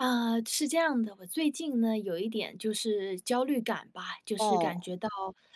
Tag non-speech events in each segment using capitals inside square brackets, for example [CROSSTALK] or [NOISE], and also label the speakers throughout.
Speaker 1: 呃，是这样的，我最近呢，有一点就是焦虑感吧，就是感
Speaker 2: 哦。
Speaker 1: 觉到，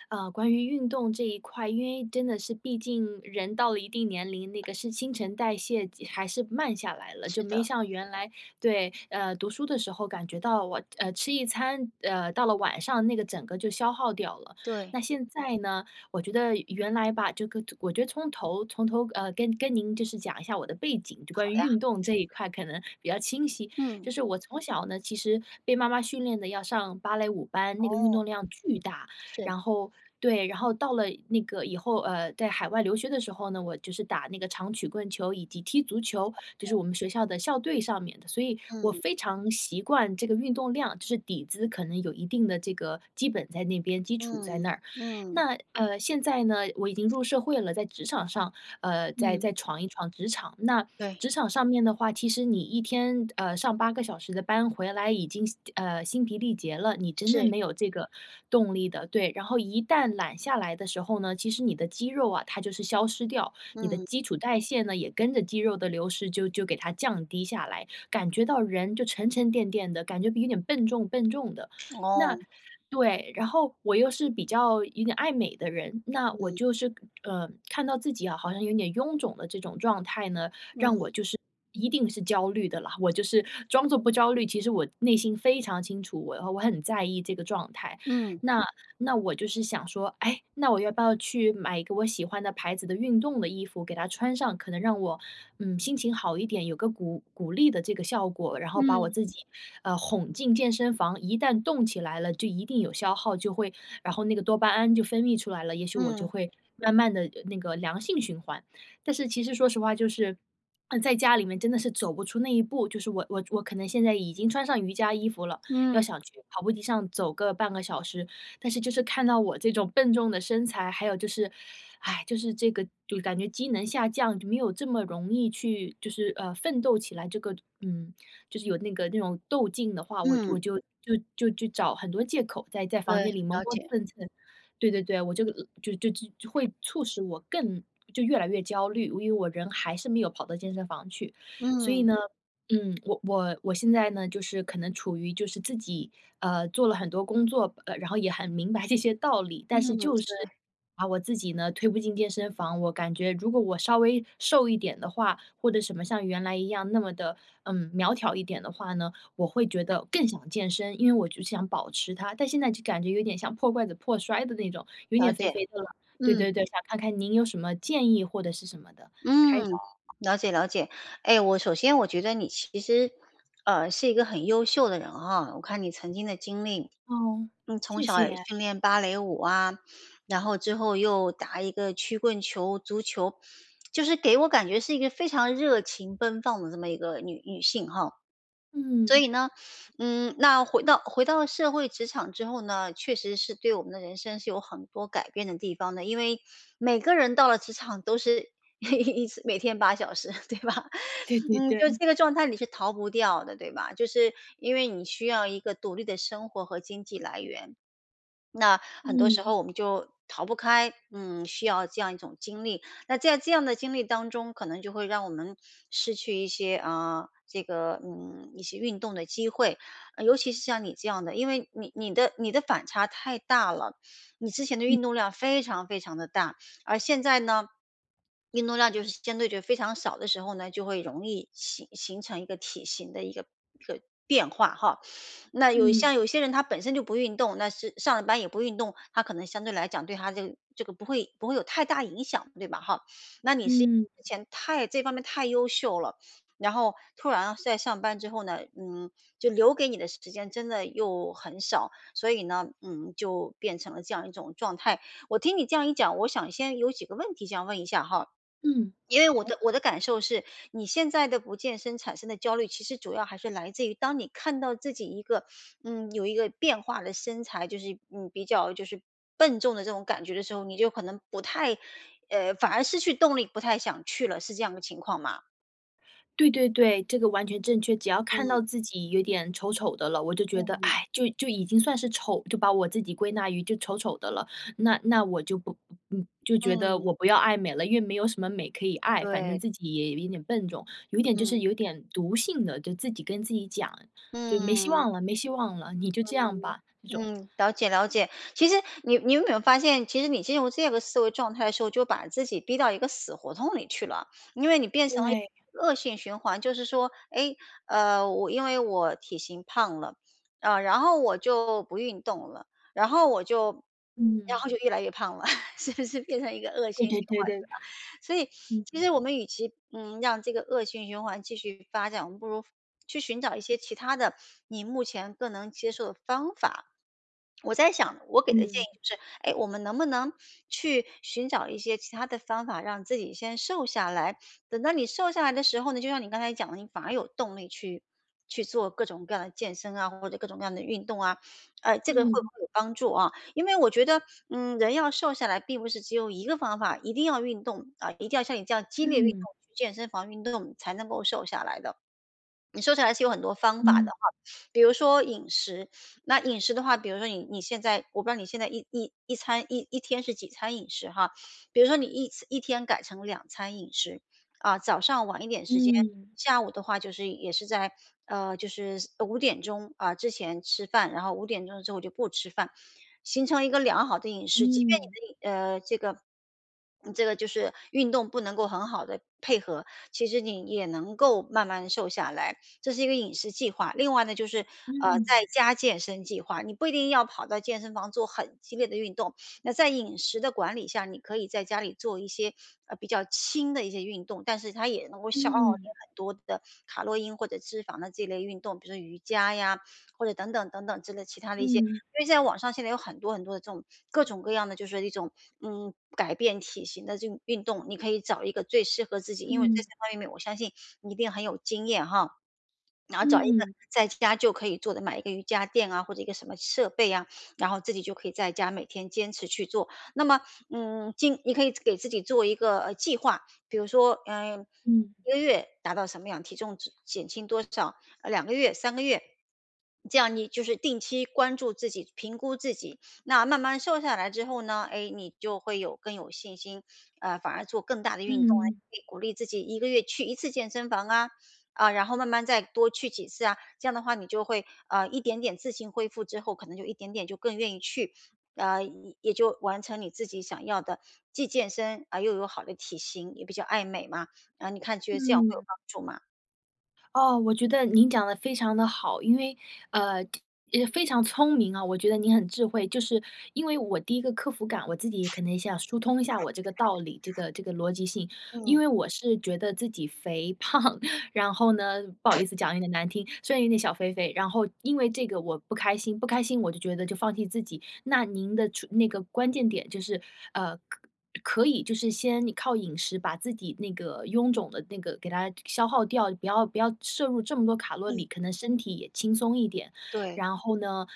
Speaker 1: 呃，关于运动这一块，因为真的是，毕竟人到了一定年龄，那个是新陈代谢即还是慢下来了，
Speaker 2: 是
Speaker 1: 就没
Speaker 2: 的。
Speaker 1: 像原来对，呃，读书的时候感觉到我呃，吃一餐，呃，到了晚上那个整个就消耗掉了。
Speaker 2: 对。
Speaker 1: 那现在呢我觉得原来吧，这个我觉得从头从头，呃，跟跟您就是讲一下我的背景，就
Speaker 2: 好
Speaker 1: 关于
Speaker 2: 呀。
Speaker 1: 运动这一块可能比较清晰。
Speaker 2: 嗯。
Speaker 1: 就是我从小呢，其实被妈妈训练的要上芭蕾舞班，那个运
Speaker 2: 哦。
Speaker 1: 动量巨大。
Speaker 2: 是。
Speaker 1: 然后对，然后到了那个以后，呃，在海外留学的时候呢，我就是打那个长曲棍球以及踢足球，就是我们学校的校队上面的，所以我
Speaker 2: 嗯。
Speaker 1: 非常习惯这个运动量，就是底子可能有一定的这个基本在那边，基础在
Speaker 2: 嗯，
Speaker 1: 那儿。
Speaker 2: 嗯。
Speaker 1: 那，呃，现在呢，我已经入社会了，在职场上，呃，再
Speaker 2: 嗯。
Speaker 1: 再闯一闯职场，那
Speaker 2: 对。
Speaker 1: 职场上面的话，其实你1天，呃，上8个小时的班，回来已经，心呃，心疲力竭了，你真的
Speaker 2: 是。
Speaker 1: 没有这个动力的，对，然后一旦懒下来的时候呢，其实你的肌肉啊，它就是消失掉，你的
Speaker 2: 嗯。
Speaker 1: 基础代谢呢也跟着肌肉的流失，就就给它降低下来，感觉到人就沉沉淀淀的，感觉有点笨重笨重的，
Speaker 2: 哦。
Speaker 1: 那对，然后我又是比较有点爱美的人，那我
Speaker 2: 嗯。
Speaker 1: 就是，呃，看到自己啊，好像有点臃肿的这种状态呢，让
Speaker 2: 嗯。
Speaker 1: 我就是一定是焦虑的啦，我就是装作不焦虑，其实我内心非常清楚，我的话，我很在意这个状态。
Speaker 2: 嗯。
Speaker 1: 那那我就是想说：“诶，那我要不要去买一个我喜欢的牌子的运动的衣服给它穿上，可能让我，嗯，心情好一点，有个鼓鼓励的这个效果，然后把我
Speaker 2: 嗯。
Speaker 1: 自己，呃，哄进健身房，一旦动起来了，就一定有消耗，就会然后那个多巴胺就分泌出来了，也许我就
Speaker 2: 嗯。
Speaker 1: 会慢慢地那个良性循环。”但是其实说实话就是在家里面真的是走不出那一步，就是我我我可能现在已经穿上瑜伽衣服了，要
Speaker 2: 嗯。
Speaker 1: 想去跑步机上走个半个小时，但是就是看到我这种笨重的身材，还有就是 [SIGHS] 就是这个，就感觉机能下降，就没有这么容易去，就是，呃，奋斗起来这个嗯，就是有那个那种斗劲的话，我我
Speaker 2: 嗯。
Speaker 1: 就就就就找很多借口，在在
Speaker 2: 对，
Speaker 1: 房间里磨
Speaker 2: 了
Speaker 1: 磨
Speaker 2: 解。
Speaker 1: 蹭蹭，对对对，我这个就就就会促使我更就越来越焦虑，因为因为我人还是没有跑到健身房去。所以
Speaker 2: 嗯。
Speaker 1: 呢，嗯，我我我现在呢，就是可能处于就是自己，呃，做了很多工作，呃，然后也很明白这些道理，但是
Speaker 2: 嗯，
Speaker 1: 就是
Speaker 2: 对。
Speaker 1: 把我自己呢，推不进健身房，我感觉如果我稍微瘦一点的话，或者什么像原来一样那么的，嗯，苗条一点的话呢，我会觉得更想健身，因为我就想保持它。但现在就感觉有点像破罐子破摔的那种，有
Speaker 2: 了
Speaker 1: 点肥
Speaker 2: 解，
Speaker 1: 肥的了，对
Speaker 2: 嗯。
Speaker 1: 对对，想看看您有什么建议或者是什么的开导。
Speaker 2: 嗯，了解了解。哎，我首先我觉得你其实，呃，是一个很优秀的人啊，我看你曾经的经历，
Speaker 1: 哦，
Speaker 2: 你从
Speaker 1: 谢
Speaker 2: 小也
Speaker 1: 谢。
Speaker 2: 训练芭蕾舞啊，然后之后又打一个曲棍球、足球，就是给我感觉是一个非常热情奔放的这么一个女女性哈。所
Speaker 1: 嗯。
Speaker 2: 以呢，嗯，那回到回到社会职场之后呢，确实是对我们的人生是有很多改变的地方的，因为每个人到了职场都是一次每天8小时，对吧？[CHUCKLES]
Speaker 1: 对对
Speaker 2: 嗯，就
Speaker 1: 对。
Speaker 2: 这个状态，你是逃不掉的，对吧？就是因为你需要一个独立的生活和经济来源。那很多时
Speaker 1: 嗯。
Speaker 2: 候我们就逃不开，嗯，需要这样一种经历。那在这样的经历当中，可能就会让我们失去一些，啊，这个，嗯，一些运动的机会。呃，尤其是像你这样的，因为你你的你的反差太大了，你之前的
Speaker 1: 嗯。
Speaker 2: 运动量非常非常地大，而现在呢，运动量就是相对就非常少的时候呢，就会容易形形成一个体型的一个一个变化哈，那有
Speaker 1: 嗯。
Speaker 2: 像有些人他本身就不运动，那是上上了班也不运动，他可能相对来讲对他这个这个不会不会有太大影响，对吧哈？那你是因
Speaker 1: 嗯。
Speaker 2: 为之前太这方面太优秀了，然后突然在上班之后呢，嗯，就留给你的时间真的又很少，所以呢，嗯，就变成了这样一种状态。我听你这样一讲，我想先有几个问题想问一下哈。
Speaker 1: 嗯，
Speaker 2: 因为我
Speaker 1: 好。
Speaker 2: 的我的感受是，你现在的不健身产生的焦虑，其实主要还是来自于当你看到自己一个嗯，有一个变化的身材，就是，嗯，比较就是笨重的这种感觉的时候，你就可能不太呃，反而失去动力，不太想去了，是这样的情况吗？
Speaker 1: 对对对，这个完全正确。只要看
Speaker 2: 嗯。
Speaker 1: 到自己有点丑丑的了，我就觉得，
Speaker 2: 嗯。
Speaker 1: 哎，就就已经算是丑，就把我自己归纳于就丑丑的了。那那我就不嗯，就觉得
Speaker 2: 嗯。
Speaker 1: 我不要爱美了，因为没有什么美可以爱。反正
Speaker 2: 对。
Speaker 1: 自己也有一点笨重，有一点就是
Speaker 2: 嗯。
Speaker 1: 有点毒性的。就自己跟自己讲，就没希
Speaker 2: 嗯。
Speaker 1: 望了没希望了，你就这样吧，这种。
Speaker 2: 嗯，嗯，了解了解。其实你你有没有发现，其实你进入这个思维状态的时候，就把自己逼到一个死胡同里去了。因为你
Speaker 1: 对。
Speaker 2: 变成了一个恶性循环，就是说，哎，呃，我因为我体型胖了，啊，然后我就不运动了。然后我就然
Speaker 1: 嗯。
Speaker 2: 后就越来越胖了，[LAUGHS] 是不是变成一个恶
Speaker 1: 对
Speaker 2: 性
Speaker 1: 对
Speaker 2: 循
Speaker 1: 对
Speaker 2: 环
Speaker 1: 对。
Speaker 2: 对吧？所以 [SNIFFS]
Speaker 1: 嗯。
Speaker 2: 其实我们与其，嗯，让这个恶性循环继续发展，我们不如，去寻找一些其他的，你目前更能接受的方法。我在想我给的建议
Speaker 1: 嗯。
Speaker 2: 就是，哎，我们能不能去寻找一些其他的方法，让自己先瘦下来。等到你瘦下来的时候呢，就像你刚才讲的，你反而有动力去去做各种各样的健身啊，或者各种各样的运动啊。呃，这个会不
Speaker 1: 嗯。
Speaker 2: 会有帮助啊。因为我觉得，嗯，人要瘦下来，并不是只有一个方法。一定要运动，啊，一定要像你这样激烈运动，
Speaker 1: 嗯。
Speaker 2: 去健身房运动才能够瘦下来的。你瘦起来是有很多方法的
Speaker 1: 嗯。
Speaker 2: 哈，比如说饮食。那饮食的话，比如说你你现在我不知道你现在一一一餐一一天是几餐饮食哈。比如说你一餐1天改成2餐饮食，啊，早上晚一点时间，
Speaker 1: 嗯。
Speaker 2: 下午的话就是也是在，呃，就是5点钟，啊，之前吃饭。然后5点钟之后就不吃饭，形成一个良好的饮食。即便你
Speaker 1: 嗯。
Speaker 2: 的饮呃，这个嗯，这个就是运动不能够很好地配合，其实你也也能够慢慢瘦下来。这是一个饮食计划。另外呢，就是，呃，在
Speaker 1: 嗯。
Speaker 2: 家健身计划。你不一定要跑到健身房做很激烈的运动。那在饮食的管理下，你可以在家里做一些，呃，比较轻的一些运动，但是它也能够消耗你
Speaker 1: 嗯。
Speaker 2: 很多的卡洛因或者脂肪的这类运动。比如说瑜伽呀，或者等等等等之类其他的一些。
Speaker 1: 嗯。
Speaker 2: 因为现在网上现在有很多很多的这种，各种各样的就是说一种，嗯，改变体型的这种运动，你可以找一个最适合自己。因为这
Speaker 1: 嗯。
Speaker 2: 些方面我相信你一定很有经验哈。然后找一个
Speaker 1: 嗯。
Speaker 2: 在家就可以做的，买一个瑜伽垫啊，或者一个什么设备呀，然后自己就可以在家每天坚持去做。那么，嗯，今你可以给自己做一个计划，比如说，呃，
Speaker 1: 嗯。
Speaker 2: 1个月达到什么样，体重值减轻多少，2个月3、个月。这样你就是定期关注自己、评估自己。那慢慢瘦下来之后呢，哎，你就会有更有信心。呃，反而做更大的运动啊，
Speaker 1: 嗯。
Speaker 2: 可以鼓励自己1个月去1次健身房啊。啊，然后慢慢再多去几次啊。这样的话你就会，呃，一点点自行恢复之后可能就一点点就更愿意去。呃，也也就完成你自己想要的，既健身而又有好的体型，也比较爱美嘛。然后你看觉得这样会有
Speaker 1: 嗯。
Speaker 2: 帮助吗？
Speaker 1: 哦，我觉得您讲得非常地好，因为呃，也非常聪明啊，我觉得你很智慧，就是因为我第一个克服感，我自己可能想疏通一下我这个道理，这个这个逻辑性。因
Speaker 2: 嗯。
Speaker 1: 为我是觉得自己肥胖，[CHUCKLES] 然后呢不好意思讲有点难听，虽然有点小肥肥，然后因为这个我不开心，不开心我就觉得就放弃自己。那您的出那个关键点就是，呃，可可以就是先你靠饮食把自己那个臃肿的那个给它消倒掉，不要不要摄入这么多卡路
Speaker 2: 嗯。
Speaker 1: 里，可能身体也轻松一点。
Speaker 2: 对。
Speaker 1: 然后呢，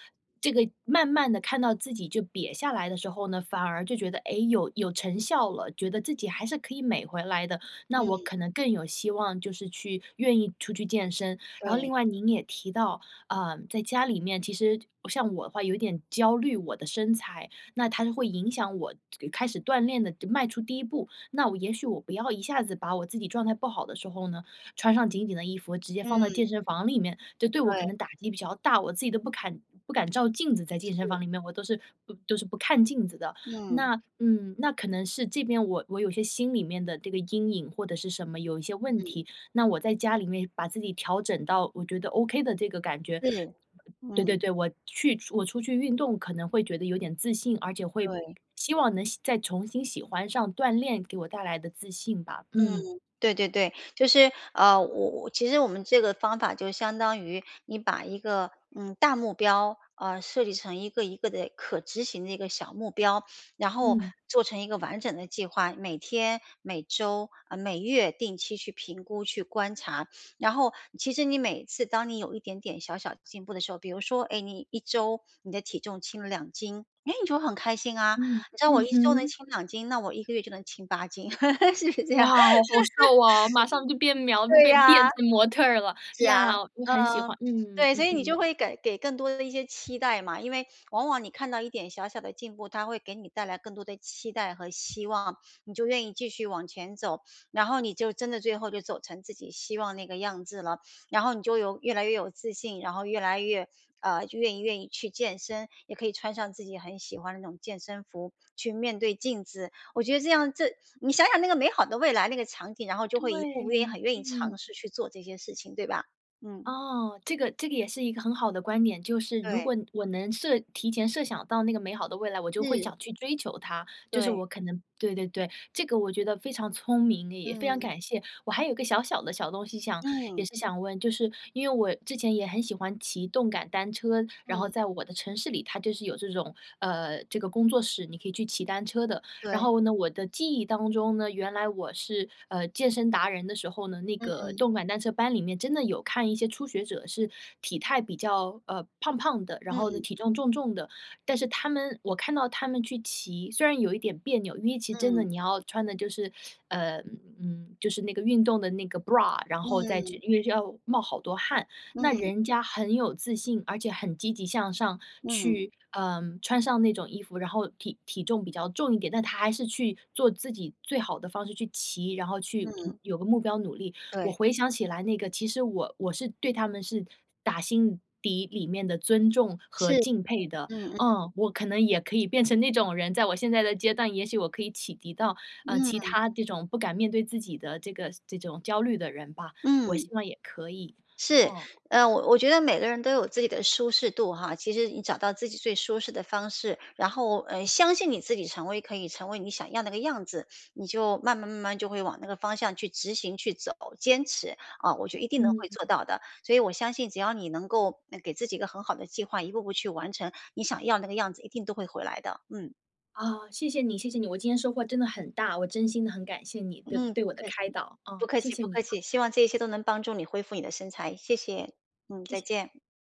Speaker 1: 这个慢慢的看到自己，就瘪下来的时候呢，反而就觉得，诶，有有成效了，觉得自己还是可以美回来的，那我
Speaker 2: 嗯。
Speaker 1: 可能更有希望就是去愿意出去健身。然后另
Speaker 2: 对。
Speaker 1: 外您也提到，呃，在家里面，其实像我的话有一点焦虑我的身材，那它就会影响我开始锻炼的迈出第1步，那我也许我不要一下子把我自己状态不好的时候呢，穿上紧紧的衣服，直接放到
Speaker 2: 嗯。
Speaker 1: 健身房里面，就对我可
Speaker 2: 对。
Speaker 1: 能打击比较大，我自己都不敢不敢照镜子在健身房
Speaker 2: 是。
Speaker 1: 里面，我都是都是不看镜子的。
Speaker 2: 嗯。
Speaker 1: 那嗯，那可能是这边我我有些心里面的这个阴影或者是什么有一些问
Speaker 2: 嗯。
Speaker 1: 题，那我在家里面把自己调整到我觉得 OK 的这个感觉
Speaker 2: 是，
Speaker 1: 对对
Speaker 2: 嗯。
Speaker 1: 对，我去我出去运动可能会觉得有点自信，而且会
Speaker 2: 对。
Speaker 1: 希望能喜再重新喜欢上锻炼给我带来的自信吧，
Speaker 2: 嗯，
Speaker 1: 嗯。
Speaker 2: 对对对。就是，啊，我我其实我们这个方法就相当于你把一个，呃，大目标，呃，设计成一个一个的可执行的一个小目标，然后
Speaker 1: 嗯。
Speaker 2: 做成一个完整的计划，每天、每周，啊，每月定期去评估、去观察。然后其实你每次当你有一点点小小的进步的时候，比如说，哎，你1周你的体重轻了2斤。哎，你就会很开心啊。
Speaker 1: 嗯。
Speaker 2: 你知道我
Speaker 1: 嗯
Speaker 2: 1周能
Speaker 1: 哼。
Speaker 2: 轻2斤，那我1个月就能轻8斤，[LAUGHS] 是不是这
Speaker 1: 哇，
Speaker 2: 样。
Speaker 1: 好好瘦啊，马上就变苗
Speaker 2: [LAUGHS] 对
Speaker 1: 变
Speaker 2: 呀，
Speaker 1: 变成模特儿啦，呀，我
Speaker 2: 是
Speaker 1: 很喜
Speaker 2: 啊，嗯，
Speaker 1: 欢，嗯
Speaker 2: 对，所
Speaker 1: 嗯
Speaker 2: 以你
Speaker 1: 哼。
Speaker 2: 就会给给更多的一些期待嘛。因为往往你看到一点小小的进步，他会给你带来更多的期待和希望，你就愿意继续往前走，然后你就真的最后就走成自己希望那个样子了。然后你就有越来越有自信，然后越来越呃，就愿意愿意去健身，也可以穿上自己很喜欢的那种健身服去面对镜子。我觉得这样这你想想那个美好的未来，那个场景，然后就会一步步愿意
Speaker 1: 对，
Speaker 2: 很愿意
Speaker 1: 嗯。
Speaker 2: 尝试去做这些事情，对吧。嗯。
Speaker 1: 噢，这个这个也是一个很好的观点，就是如
Speaker 2: 对。
Speaker 1: 果我能设提前设想到那个美好的未来，我就会
Speaker 2: 是。
Speaker 1: 想去追求它，就是
Speaker 2: 对。
Speaker 1: 我可能对对对，这个我觉得非常聪明，也非常
Speaker 2: 嗯。
Speaker 1: 感谢，我还有一个小小的小东西想也
Speaker 2: 嗯。
Speaker 1: 是想问。就是因为我之前也很喜欢骑动感单车，然后
Speaker 2: 嗯。
Speaker 1: 在我的城市里，它就是有这种，呃，这个工作室，你可以去骑单车的。然
Speaker 2: 对。
Speaker 1: 后呢，我的记忆当中呢，原来我是，呃，健身达人的时候呢，那个
Speaker 2: 嗯。
Speaker 1: 动感单车班里面真的有看一些初学者是体态比较，呃，胖胖的，然后呢
Speaker 2: 嗯。
Speaker 1: 体重，重重的。但是他们我看到他们去骑，虽然有一点别扭，因为其实真的
Speaker 2: 嗯。
Speaker 1: 你要穿的就是呃，嗯，就是那个运动的那个 bra，然后再
Speaker 2: 嗯。
Speaker 1: 去因为要冒好多汗。那
Speaker 2: 嗯。
Speaker 1: 人家很有自信，而且很积极向上
Speaker 2: 嗯。
Speaker 1: 去，呃，穿上那种衣服，然后体体重比较重一点，但她还是去做自己最好的方式去骑，然后去，嗯，
Speaker 2: 嗯。
Speaker 1: 有个目标努力。我
Speaker 2: 对。
Speaker 1: 回想起来那个，其实我我是对她们是打心底里面的尊重
Speaker 2: 是，
Speaker 1: 和敬佩的，
Speaker 2: 嗯嗯。
Speaker 1: 嗯，我可能也可以变成那种人，在我现在的阶段，也许我可以启迪到，呃，其
Speaker 2: 嗯。
Speaker 1: 他这种不敢面对自己的这个这种焦虑的人吧，我希
Speaker 2: 嗯。
Speaker 1: 望也可以，
Speaker 2: 是，
Speaker 1: 嗯。
Speaker 2: 呃，我我觉得每个人都有自己的舒适度哈，其实你找到自己最舒适的方式，然后，呃，相信你自己成为可以成为你想要那个样子，你就慢慢慢慢就会往那个方向去执行，去走，坚持，啊，我就一定能
Speaker 1: 嗯。
Speaker 2: 会做到的！所以我相信只要你能够，呃，给自己一个很好的计划，一步步去完成，你想要那个样子一定都会回来的。嗯。
Speaker 1: 啊，谢谢你，谢谢你。我今天收获真的很大，我真心的很感谢你对
Speaker 2: 嗯，
Speaker 1: 对
Speaker 2: 不
Speaker 1: 我的
Speaker 2: 客气，
Speaker 1: 开导，
Speaker 2: 不
Speaker 1: 啊，
Speaker 2: 客
Speaker 1: 谢
Speaker 2: 气
Speaker 1: 谢
Speaker 2: 不
Speaker 1: 你
Speaker 2: 客
Speaker 1: 啊。
Speaker 2: 气，希望这些都能帮助你恢复你的身材，谢谢，嗯，
Speaker 1: 谢
Speaker 2: 再
Speaker 1: 谢。
Speaker 2: 见。